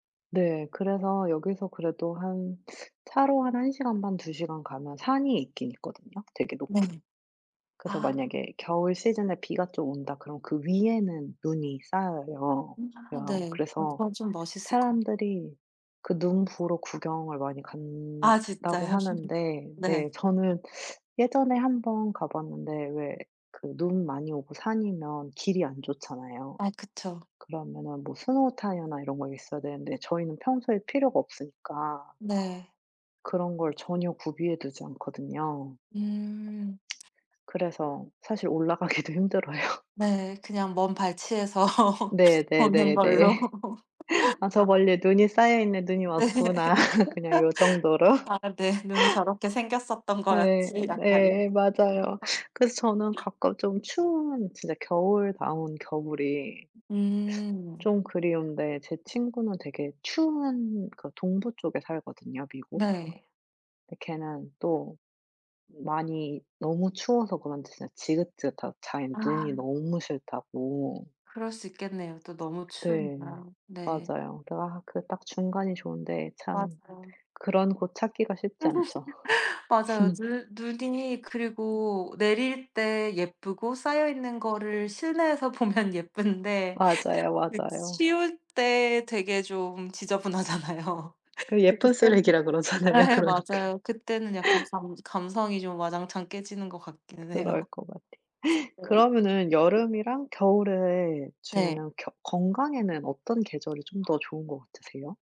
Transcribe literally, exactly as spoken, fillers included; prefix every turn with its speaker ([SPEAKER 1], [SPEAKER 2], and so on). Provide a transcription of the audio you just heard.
[SPEAKER 1] 네. 그래서 여기서 그래도 한 차로 한 한 시간 반 두 시간 가면 산이 있긴 있거든요 되게 높은.
[SPEAKER 2] 네.
[SPEAKER 1] 그래서
[SPEAKER 2] 아.
[SPEAKER 1] 만약에 겨울 시즌에 비가 좀 온다 그러면 그 위에는 눈이 쌓여요.
[SPEAKER 2] 아
[SPEAKER 1] 여
[SPEAKER 2] 네
[SPEAKER 1] 그래서
[SPEAKER 2] 그건 좀 멋있을 거
[SPEAKER 1] 사람들이 그 눈 보러 구경을 많이
[SPEAKER 2] 아
[SPEAKER 1] 간다고
[SPEAKER 2] 진짜요?
[SPEAKER 1] 하는데 네
[SPEAKER 2] 네.
[SPEAKER 1] 저는 예전에 한 번 가봤는데 왜 그 눈 많이 오고 산이면 길이 안 좋잖아요.
[SPEAKER 2] 아 그쵸.
[SPEAKER 1] 그러면은 뭐 스노우 타이어나 이런 거 있어야 되는데 저희는 평소에 필요가 없으니까
[SPEAKER 2] 네.
[SPEAKER 1] 그런 걸 전혀 구비해 두지 않거든요.
[SPEAKER 2] 음.
[SPEAKER 1] 그래서 사실 올라가기도 힘들어요.
[SPEAKER 2] 네 그냥 먼 발치에서 보는 걸로.
[SPEAKER 1] 네네네네. '아 저
[SPEAKER 2] 다
[SPEAKER 1] 멀리에 눈이 쌓여있네. 눈이
[SPEAKER 2] 네.
[SPEAKER 1] 왔구나.' 그냥 요 정도로.
[SPEAKER 2] 아 네 '눈이 저렇게 생겼었던
[SPEAKER 1] 예
[SPEAKER 2] 거였지.' 약간
[SPEAKER 1] 예 맞아요. 그래서 저는
[SPEAKER 2] [unintelligible]
[SPEAKER 1] 가끔 좀 추운 진짜 겨울다운 겨울이
[SPEAKER 2] 음.
[SPEAKER 1] 좀 그리운데 제 친구는 되게 추운 그 동부 쪽에 살거든요 미국.
[SPEAKER 2] 네.
[SPEAKER 1] 근데 걔는 또 많이 너무 추워서 그런지 진짜 지긋지긋하고 자기는 눈이
[SPEAKER 2] 아.
[SPEAKER 1] 너무 싫다고.
[SPEAKER 2] 그럴 수 있겠네요. 또 너무
[SPEAKER 1] 네.
[SPEAKER 2] 추우니까 네.
[SPEAKER 1] 맞아요. 아 그 딱 중간이 좋은데 참
[SPEAKER 2] 맞죠.
[SPEAKER 1] 그런 곳 찾기가 쉽지 않죠.
[SPEAKER 2] 맞아요. 눈 눈이 그리고 내릴 때 예쁘고 쌓여있는 거를 실내에서 보면 예쁜데
[SPEAKER 1] 맞아요, 맞아요.
[SPEAKER 2] 치울 때 되게 좀 지저분하잖아요.
[SPEAKER 1] 그
[SPEAKER 2] 그래서
[SPEAKER 1] 예쁜
[SPEAKER 2] 그때는
[SPEAKER 1] 쓰레기라 그러잖아요.
[SPEAKER 2] 네
[SPEAKER 1] 그러니까.
[SPEAKER 2] 맞아요. 그때는 약간 감 감성이 좀 와장창 깨지는 것 같기는 해요.
[SPEAKER 1] 그럴 것 같아요.
[SPEAKER 2] 네.
[SPEAKER 1] 그러면은 여름이랑 겨울에
[SPEAKER 2] 네.
[SPEAKER 1] 중에는 겨 건강에는 어떤 계절이 좀 더 좋은 것 같으세요?